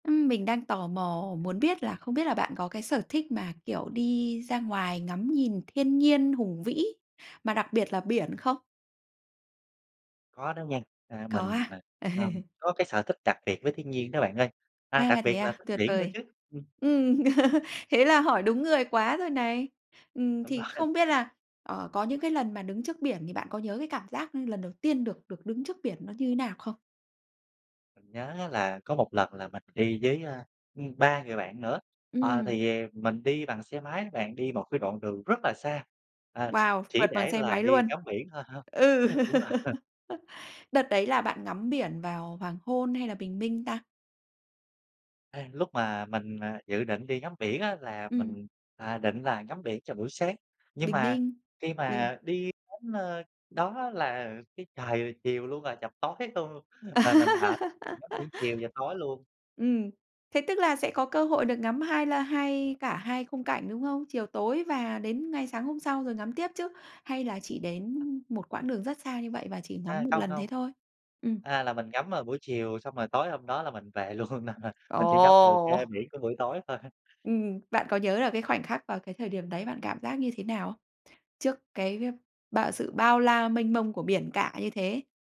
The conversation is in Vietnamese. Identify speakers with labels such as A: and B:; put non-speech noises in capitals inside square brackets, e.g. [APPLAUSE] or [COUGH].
A: Ừm, mình đang tò mò muốn biết là không biết là bạn có cái sở thích mà, kiểu, đi ra ngoài ngắm nhìn thiên nhiên hùng vĩ, mà đặc biệt là biển không?
B: Có đó nghen, a,
A: Có
B: mình,
A: à?
B: à, ừm,
A: [LAUGHS]
B: có cái sở thích đặc biệt với thiên nhiên đó bạn ơi. À,
A: À,
B: đặc
A: thế
B: biệt là
A: à,
B: thích
A: tuyệt
B: biển nữa
A: vời.
B: chứ! Ừm.
A: Ừm, [LAUGHS] thế là hỏi đúng người quá rồi này! Ừm,
B: Đúng
A: thì
B: rồi.
A: không biết là, ờ, có những cái lần mà đứng trước biển thì bạn có nhớ cái cảm giác lần đầu tiên được được đứng trước biển nó như thế nào không?
B: Mình nhớ á là có một lần là mình đi với, a, ừm, 3 người bạn nữa, ờ,
A: Ừm.
B: thì mình đi bằng xe máy đó bạn. Đi một cái đoạn đường rất là xa, à,
A: Wow!
B: chỉ
A: Phượt bằng
B: để
A: xe
B: là
A: máy
B: đi
A: luôn.
B: ngắm biển thôi, [CHUCKLES]
A: Ừ.
B: đúng rồi. [LAUGHS]
A: [LAUGHS] Đợt đấy là bạn ngắm biển vào hoàng hôn hay là bình minh ta?
B: Ê, lúc mà mình, à, dự định đi ngắm biển á là
A: Ừm.
B: mình, à, định là ngắm biển cho buổi sáng. Nhưng
A: Bình
B: mà
A: minh,
B: khi
A: ừ.
B: mà đi đến, a, đó là cái trời chiều luôn rồi, chập tối luôn, là mình ở mình ngắm biển
A: [LAUGHS]
B: chiều và tối luôn.
A: Ừm, thế tức là sẽ có cơ hội được ngắm 2 la hai cả 2 khung cảnh, đúng không? Chiều tối và đến ngay sáng hôm sau rồi ngắm tiếp chứ? Hay là chỉ đến
B: À.
A: một quãng đường rất xa như vậy và chỉ ngắm
B: A,
A: 1
B: không,
A: lần
B: không.
A: thế thôi? Ừm.
B: A, là mình ngắm vào buổi chiều xong rồi tối hôm đó là mình về luôn, nên là mình chỉ ngắm được, a,
A: Ồ!
B: biển của buổi tối thôi há.
A: Ừm. Bạn có nhớ là cái khoảnh khắc vào cái thời điểm đấy bạn cảm giác như thế nào không? Trước cái, a, bao sự bao la, mênh mông của
B: Ừm.
A: biển cả như thế?